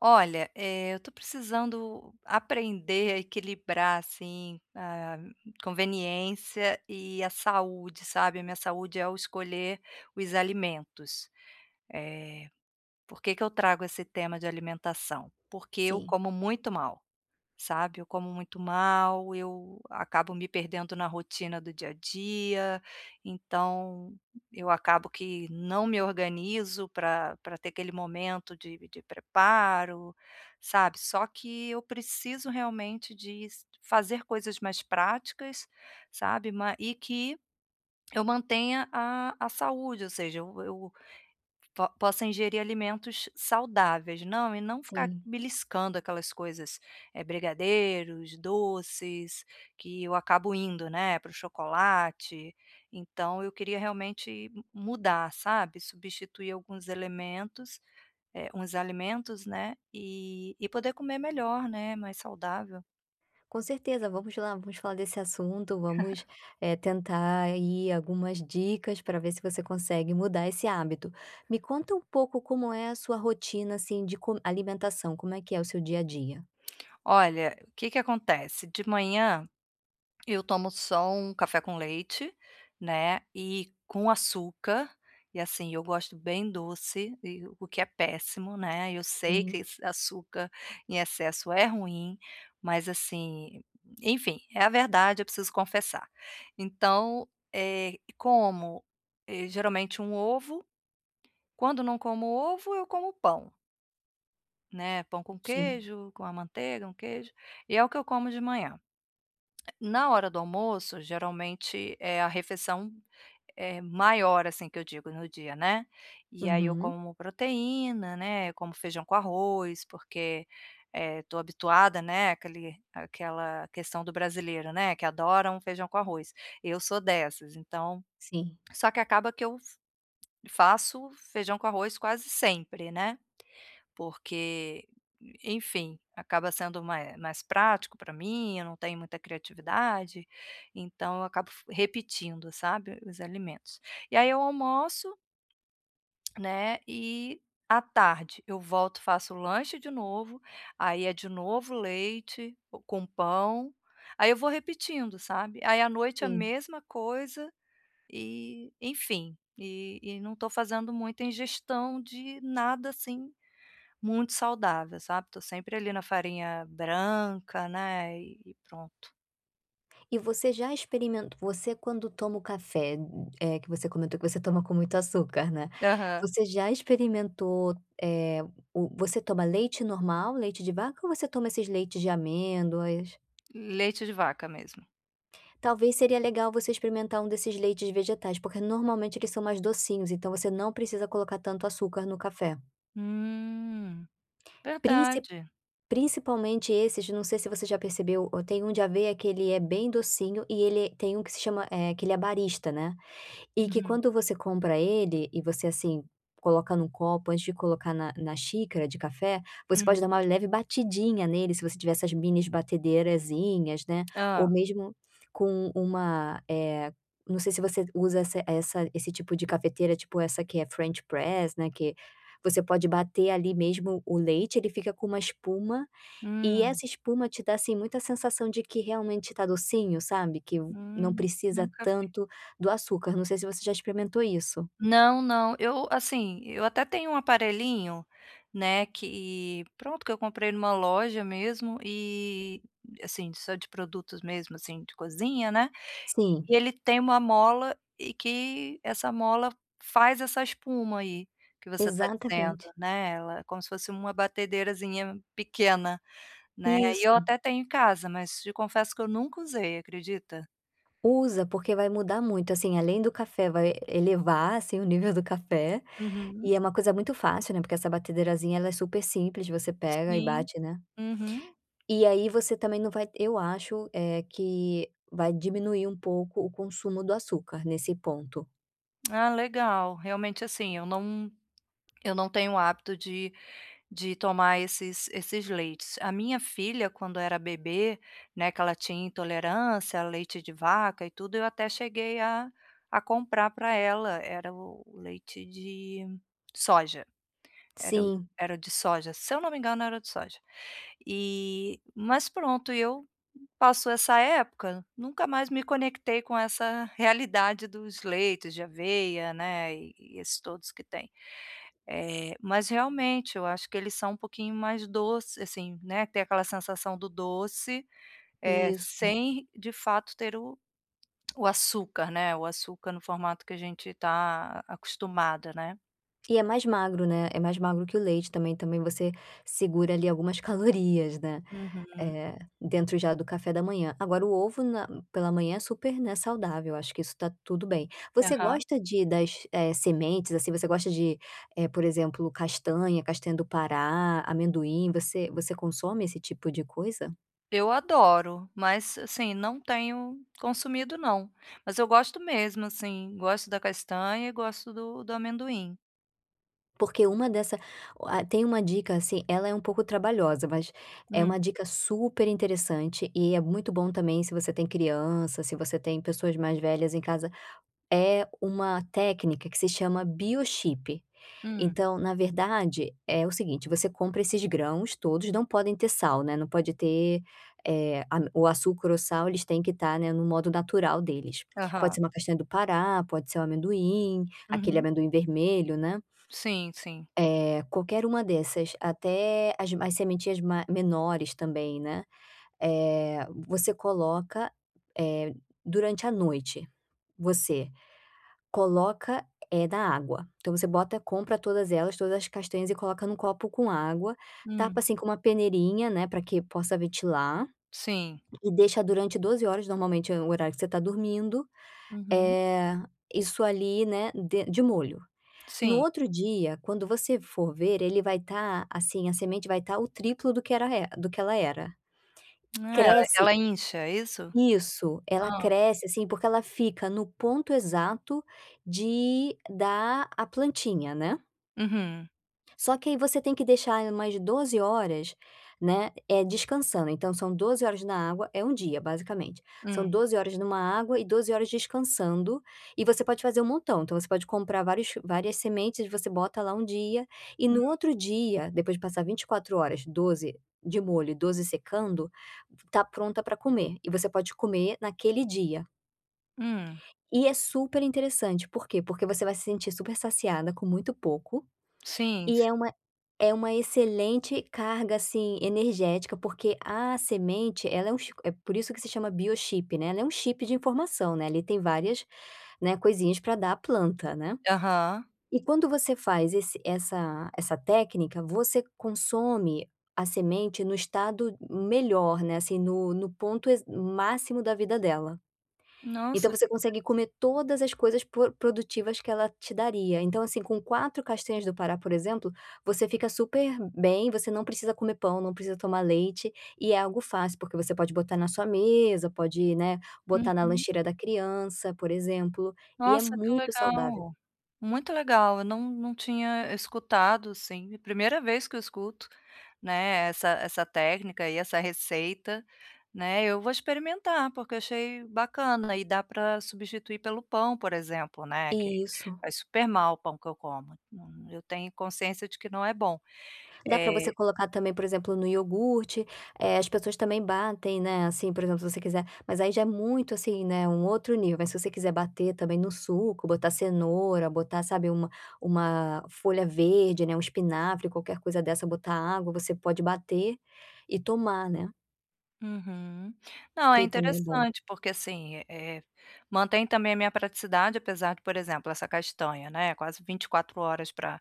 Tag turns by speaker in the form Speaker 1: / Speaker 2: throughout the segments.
Speaker 1: Olha, eh, eu tô precisando aprender a equilibrar, assim, a conveniência e a saúde, sabe. A minha saúde ao escolher os alimentos, eh, por que que eu trago esse tema de alimentação? Porque eu
Speaker 2: Sim.
Speaker 1: como muito mal, sabe. Eu como muito mal, eu acabo me perdendo na rotina do dia a dia, então eu acabo que não me organizo pra pra ter aquele momento de de preparo, sabe. Só que eu preciso realmente diz fazer coisas mais práticas, sabe, ma e que eu mantenha a a saúde, ou seja, eu eu po possa ingerir alimentos saudáveis, não e não ficar
Speaker 2: Sim.
Speaker 1: beliscando aquelas coisas, eh, brigadeiros, doces, que eu acabo indo, né, para o chocolate, então eu queria realmente m mudar, sabe. Substituir alguns elementos, eh, uns alimentos, né, e e poder comer melhor, né, mais saudável.
Speaker 2: Com certeza, vamos lá, vamos falar desse assunto, vamos, eh, tentar aí algumas dicas, pra ver se você consegue mudar esse hábito. Me conta um pouco como é a sua rotina, assim, de co alimentação, como é que é o seu dia a dia?
Speaker 1: Olha, o que que acontece? De manhã, eu tomo só um café com leite, né, e com açúcar, e assim eu gosto bem doce e o que é péssimo, né, eu sei que
Speaker 2: Sim.
Speaker 1: esse açúcar em excesso é ruim, mas assim, enfim, é a verdade, eu preciso confessar. Então, eh, como, eh, geralmente um ovo, quando não como ovo eu como pão né pão com
Speaker 2: Sim.
Speaker 1: queijo, com a manteiga, um queijo, e é o que eu como de manhã. Na hora do almoço geralmente é a refeição, eh, maior assim, que eu digo no dia, né, e aí eu
Speaker 2: Uhum.
Speaker 1: como proteína, né, eu como feijão com arroz, porque, eh, estou habituada, né, aquele aquela questão do brasileiro, né, que adora um feijão com arroz, eu sou dessas, então
Speaker 2: Sim.
Speaker 1: só que acaba que eu fa faço feijão com arroz quase sempre, né, porque enfim, acaba sendo ma eh, mais prático para mim, eu não tenho muita criatividade, então eu acabo f repetindo, sabe, os alimentos. E aí eu almoço, né, e à tarde eu volto faço lanche de novo, aí é de novo leite, com pão, aí eu vou repetindo, sabe, aí à noite a
Speaker 2: Sim.
Speaker 1: mesma coisa, e enfim, e e não estou fazendo muita ingestão de nada, assim, muito saudável sabe. Estou sempre ali na farinha branca, né, e pronto.
Speaker 2: E você já experimen você quando toma o café, eh, que você comentou que você toma com muito açúcar, né,
Speaker 1: Aham.
Speaker 2: você já experimentou, eh, o você toma leite normal, leite de vaca ou você toma esses leites de amêndoas?
Speaker 1: Leite de vaca mesmo.
Speaker 2: Talvez seria legal você experimentar um desses leites vegetais, porque normalmente eles são mais docinhos. Então, você não precisa colocar tanto açúcar no café.
Speaker 1: Hum,
Speaker 2: Princip
Speaker 1: verdade.
Speaker 2: principalmente esses não sei se você já percebeu, o tem um de aveia que ele é bem docinho e ele tem um que se chama, eh, que ele é barista, né. E que
Speaker 1: Uhum.
Speaker 2: quando você compra ele, e você, assim, coloca em um copo, antes de colocar na na xícara de café, você pode dar
Speaker 1: Uhum.
Speaker 2: uma leve batidinha nele, se você tiver essas mini batedeirazinha, né, ou
Speaker 1: Hã.
Speaker 2: mesmo com um uma eh, não sei se você usa essa essa esse tipo de cafeteira, tipo essa que é French press, né, que você pode bater ali mesmo o leite. Ele fica com uma espuma, e
Speaker 1: Hum.
Speaker 2: essa espuma te dá, assim, muita, sensação de que realmente está docinho, sabe, que o não
Speaker 1: Hum,
Speaker 2: precisa
Speaker 1: nunca vi.
Speaker 2: tanto do açúcar. Não sei se você já experimentou isso.
Speaker 1: Não, não. Eu assim, eu até tenho um aparelhinho, né, que pronto, que eu comprei numa loja mesmo e, a assim, só de produtos mesmo, assim, de cozinha, né.
Speaker 2: Sim.
Speaker 1: E ele tem uma mola, e que essa mola f faz essa espuma aí, que você está dizendo,
Speaker 2: Exatamente.
Speaker 1: né, ela como se fosse uma batedeirazinha pequena, né. E eu
Speaker 2: Isso.
Speaker 1: até tenho em casa, mas te confesso, que eu nunca usei, acredita?
Speaker 2: Usa, porque vai mudar muito, assim, além do café vai elevar, assim, o nível do café.
Speaker 1: Uhum.
Speaker 2: E é uma coisa muito fácil, né, porque essa batedeirazinha ela é super simples você pega e
Speaker 1: Sim,
Speaker 2: bate, né
Speaker 1: uhum.
Speaker 2: E aí, você também não vai eu acho, eh, que vai diminuir um pouco o consumo do açúcar, nesse ponto.
Speaker 1: Ah legal, realmente assim eu não, eu não tenho o hábito de de tomar esses esses leites, a minha filha quando era bebê, né, que ela tinha intolerância, leite de vaca e tudo eu até cheguei a a comprar para ela, era o leite de soja, era o
Speaker 2: Sim.
Speaker 1: era o de soja, se eu não me engano era o de soja. E mas pronto e eu passou essa época, nunca mais me conectei com essa realidade dos leitos de aveia, né, e esses todos que têm. Eh, mas realmente eu acho que eles são um pouquinho mais doce assim, né, tem aquela sensação do doce, ah
Speaker 2: Isso.
Speaker 1: sem de fato ter o o açúcar, né, o açúcar no formato que a gente está acostumado, né.
Speaker 2: E é mais magro, né, é mais magro que o leite também também você segura ali algumas calorias, né,
Speaker 1: Uhum.
Speaker 2: eh, dentro já do café da manhã. Agora o ovo na pela manhã é super, né, saudável, acho que isso está tudo bem. Você
Speaker 1: Aham.
Speaker 2: gosta de das sementes, assim, você gosta de, por exemplo castanha, castanha do Pará, amendoim, você você consome esse tipo de coisa.
Speaker 1: Eu adoro. Mas, assim, não tenho consumido não, mas eu gosto mesmo, assim, gosto da castanha e gosto do do amendoim.
Speaker 2: Porque uma dessa ah, tem uma dica, assim, ela é um pouco trabalhosa, mas é
Speaker 1: Hum.
Speaker 2: uma dica super interessante e é muito bom também se você tem criança, se você tem pessoas mais velhas em casa. É uma técnica que se chama biochip,
Speaker 1: Hum.
Speaker 2: então na verdade é o seguinte, você compra esses grãos todos, não podem ter sal, né, não pode ter, eh, a o açúcar ou sal, eles têm que estar, né, no modo natural deles, pode
Speaker 1: Aham.
Speaker 2: ser uma castanha do Pará, pode ser o amendoim, aquele
Speaker 1: Uhum.
Speaker 2: amendoim vermelho, né.
Speaker 1: Sim, sim.
Speaker 2: Eh, qualquer uma dessas, até as mai as sementinhas ma menores também, né, eh, você coloca, eh, durante a noite, você coloca, eh, na água, então você bota compra todas elas, todas as castanhas e coloca num copo com água, tapa,
Speaker 1: Hum.
Speaker 2: assim, com uma peneirinha, né, pra que possa ventilar
Speaker 1: Sim.
Speaker 2: e deixa durante 12 horas, normalmente é o horário que você tá dormindo,
Speaker 1: Uhum.
Speaker 2: eh, isso ali né, den de molho. No
Speaker 1: Sim.
Speaker 2: outro dia quando você for ver ele vai tá assim, a semente vai tá o triplo do que era re do que ela era.
Speaker 1: É, el
Speaker 2: Cresce
Speaker 1: ela incha, é isso?
Speaker 2: Isso, ela
Speaker 1: Hã.
Speaker 2: cresce, assim, porque ela fica no ponto exato de dar a plantinha, né.
Speaker 1: Uhum.
Speaker 2: Só que aí você tem que deixar ela mais 12 horas, né, eh, descansando. Então são 12 horas na água, é 1 dia basicamente, são
Speaker 1: Hum.
Speaker 2: 12 horas em 1 água e 12 horas descansando, e você pode fazer um montão, então você pode comprar vários várias sementes e você bota lá 1 dia, e
Speaker 1: Hum.
Speaker 2: no outro dia, depois de passar 24 horas, 12 de molho e 12 secando, está pronta para comer, e você pode comer naquele dia.
Speaker 1: Hum.
Speaker 2: E é super interessante, por quê. Porque você vai se sentir super saciada com muito pouco,
Speaker 1: Sim,
Speaker 2: e é
Speaker 1: sim.
Speaker 2: uma é uma excelente carga, assim, energética, porque a semente ela é um é por isso que se chama Biochip, né, ela é um chip de informação, né, ali tem várias, né, coisinhas para dar a planta, né.
Speaker 1: Aham.
Speaker 2: E quando você faz esse essa essa técnica, você consome a semente no estado melhor, né, assim, no no ponto e máximo da vida dela.
Speaker 1: Nossa
Speaker 2: Então,
Speaker 1: é
Speaker 2: você
Speaker 1: verdade.
Speaker 2: consegue comer todas as coisas por produtivas que ela te daria, então, assim, com 4 castanhas do pará, por exemplo, você fica super bem, você não precisa comer pão, não precisa tomar leite, e é algo fácil, porque você pode botar na sua mesa, pode, né, botar na
Speaker 1: Uhum.
Speaker 2: lancheira da criança, por exemplo, e é
Speaker 1: Nossa, que
Speaker 2: muito saudável.
Speaker 1: legal, muito legal. Eu não não tinha escutado, assim. Primeira vez que eu escuto, né, essa essa técnica e essa receita, né. Eu vou experimentar, porque eu achei bacana e dá para substituir pelo pão, por exemplo, né, que
Speaker 2: Isso.
Speaker 1: faz super mal o pão que eu como, eu tenho consciência de que né bom.
Speaker 2: Dá para você
Speaker 1: Eh
Speaker 2: colocar também, por exemplo, no iogurte, eh, as pessoas também batem, né, assim, por exemplo, se você quiser, mas aí já é muito, assim, né, um outro nível. Aí se você quiser bater também no suco, botar cenoura, botar, sabe, uma uma folha verde, né, o espinafre, qualquer coisa dessa, botar água, você pode bater e tomar, né.
Speaker 1: Uhum. Não, é
Speaker 2: Que também é bom.
Speaker 1: interessante, porque, assim, eh, mantém também a minha praticidade apesar de, por exemplo, essa castanha, né, quase 24 horas para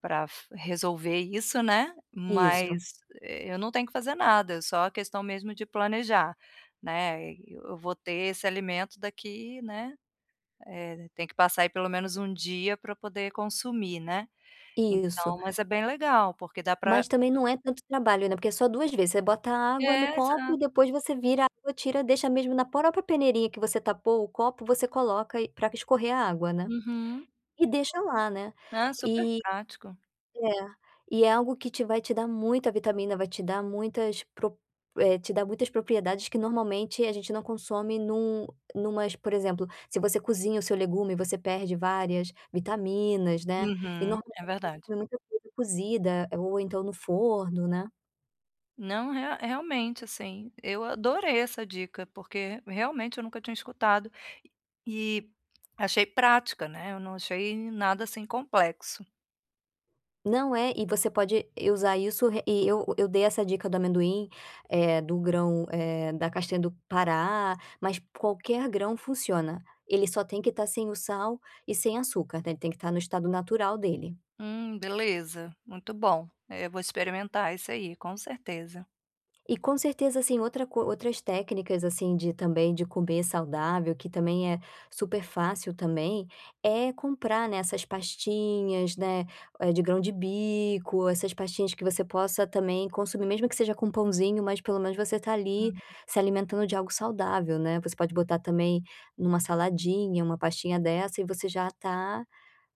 Speaker 1: para fu resolver isso, né,
Speaker 2: Isso.
Speaker 1: mas eu não tenho que fazer nada, é só a questão mesmo de planejar, né. Eu vou ter esse alimento daqui, né, eh, tem que passar aí pelo menos 1 dia para poder consumir, né.
Speaker 2: Isso.
Speaker 1: Então, mas é bem legal porque dá para
Speaker 2: Mas também não é tanto trabalho, né, porque é só 2 vezes, você bota água no
Speaker 1: É,
Speaker 2: copo e
Speaker 1: exato.
Speaker 2: depois você vira a água, tira, deixa mesmo na própria peneirinha que você tapou o copo, você coloca e para escorrer a água, né.
Speaker 1: Uhum.
Speaker 2: E deixa lá, né.
Speaker 1: Não, é super prático.
Speaker 2: É. E é algo que te vai te dar muita vitamina, vai te dar muitas pro eh, te dá muitas propriedades que normalmente a gente não consome em um em umas, por exemplo, se você cozinha o seu legume você perde várias vitaminas, né, e
Speaker 1: Uhum,
Speaker 2: normalmente
Speaker 1: é
Speaker 2: a gente
Speaker 1: verdade.
Speaker 2: come muita coisa cozida ou então no forno, né.
Speaker 1: Não, rea realmente, assim, eu adorei essa dica, porque realmente eu nunca tinha escutado, e e achei prática, né, eu não achei nada assim complexo.
Speaker 2: Não, é, e você pode usar isso e eu eu dei essa dica do amendoim, eh, do grão, eh, da castanha do Pará, mas qualquer grão funciona, ele só tem que estar sem o sal e sem açúcar, né, ele tem que estar no estado natural dele.
Speaker 1: Hum, beleza, muito bom. Eu vou experimentar isso aí, com certeza.
Speaker 2: E com certeza, assim, outra co outras técnicas, assim, de também de comer saudável que também é super fácil também, é comprar, né, essas pastinhas, né, de grão de bico, essas pastinhas que você possa também consumir mesmo que seja com pãozinho, mas pelo menos você está ali
Speaker 1: Hum.
Speaker 2: se alimentando de algo saudável, né, você pode botar também em uma saladinha uma pastinha dessa e você já está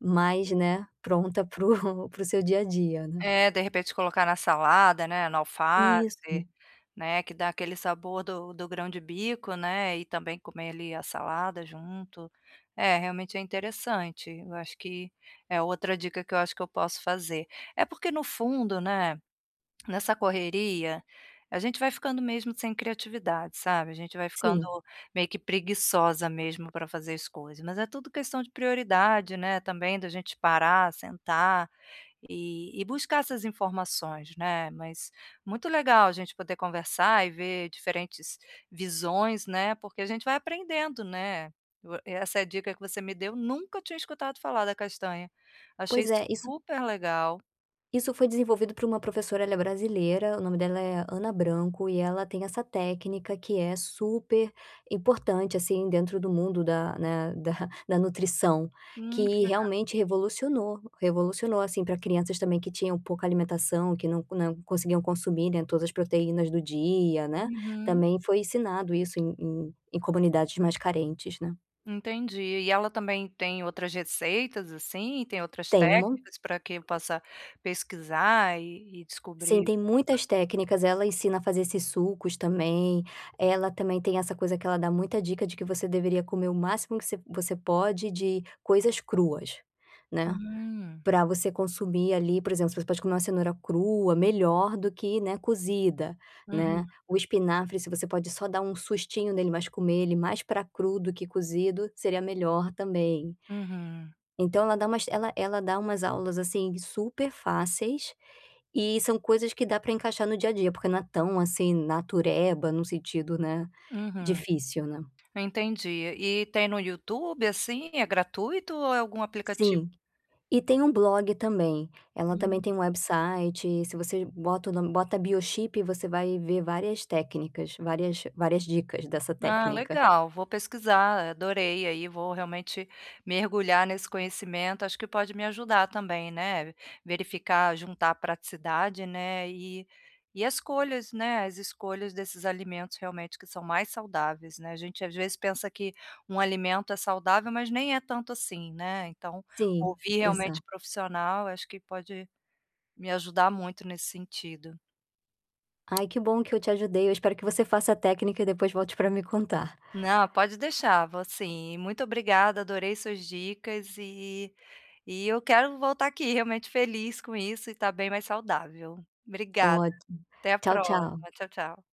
Speaker 2: mais, né, pronta para o para o seu dia a dia, né.
Speaker 1: É, de repente, colocar na salada, né, no
Speaker 2: Isso.
Speaker 1: alface, né que dá aquele sabor do do grão de bico, né, e também comer ali a salada junto, é, realmente é interessante, eu acho que é outra dica que eu acho que eu posso fazer. É porque no fundo, né, nessa correria, a gente vai ficando mesmo sem criatividade, sabe. A gente vai ficando
Speaker 2: Sim.
Speaker 1: meio que preguiçosa mesmo para fazer as coisas, mas é tudo questão de prioridade, né, também da gente parar, sentar, e e buscar essas informações, né, mas muito legal a gente poder conversar e ver diferentes visões, né, porque a gente vai aprendendo, né. Essa é a dica que você me deu nunca tinha escutado falar da castanha. Achei
Speaker 2: Pois é, isso
Speaker 1: super legal.
Speaker 2: isso foi desenvolvido por uma professora, ela é brasileira, o nome dela é Ana Branco e ela tem essa técnica que é super importante, assim, dentro do mundo da né, da da nutrição,
Speaker 1: Hum, que
Speaker 2: que
Speaker 1: legal.
Speaker 2: realmente revolucionou, revolucionou, assim, para crianças também que tinham pouca alimentação, que não não conseguiam consumir, né, todas as proteínas do dia né,
Speaker 1: Uhum.
Speaker 2: também foi ensinado isso em em em comunidades mais carentes, né.
Speaker 1: Entendi, e ela também tem outras receitas, assim, e tem outras
Speaker 2: Tenho um mon
Speaker 1: técnicas para que possa pesquisar e e
Speaker 2: Sim,
Speaker 1: descobrir.
Speaker 2: tem
Speaker 1: [unintelligible]
Speaker 2: muitas técnicas, ela ensina a fazer esses sucos também, ela também tem essa coisa que ela dá muita dica de que você deveria comer o máximo que você você pode de coisas cruas, né.
Speaker 1: Hum.
Speaker 2: Para você consumir ali, por exemplo, você pode comer uma cenoura crua melhor do que né cozida, né.
Speaker 1: Uhum.
Speaker 2: O espinafre se você pode só dar um sustinho nele, mas comer ele mais para cru do que cozido, seria melhor também.
Speaker 1: Uhum.
Speaker 2: Então ela dá umas ela ela dá umas aulas, assim, super fáceis, e são coisas que dá para encaixar no dia a dia, porque não é tão assim, natureba no sentido, né,
Speaker 1: Uhum.
Speaker 2: difícil, né.
Speaker 1: Entendi. E tem no YouTube, assim. É gratuito ou é algum aplicativo?
Speaker 2: Sim, e tem um blog também, ela também
Speaker 1: Hum.
Speaker 2: tem um website, se você bota o nome bota Biochip, você vai ver várias técnicas, várias várias dicas dessa
Speaker 1: Ah
Speaker 2: técnica.
Speaker 1: legal, vou pesquisar adorei aí, vou realmente mergulhar nesse conhecimento, acho que pode me ajudar também, né, verificar, juntar praticidade, né e e as escolhas, né, as escolhas desses alimentos realmente que são mais saudáveis, né, a gente às vezes pensa que um alimento é saudável mas nem é tanto assim, né, então,
Speaker 2: Sim,
Speaker 1: ouvir realmente
Speaker 2: exato.
Speaker 1: profissional acho que pode, me ajudar muito nesse sentido.
Speaker 2: Ai que bom que eu te ajudei, eu espero que você faça a técnica e depois volte para me contar.
Speaker 1: Não, pode deixar, vou sim, muito obrigada adorei suas dicas e e e eu quero voltar aqui realmente feliz com isso e estar bem mais saudável. Obrigada,
Speaker 2: Ótimo,
Speaker 1: até a
Speaker 2: tchau,
Speaker 1: próxima,
Speaker 2: tchau.
Speaker 1: tchau, tchau.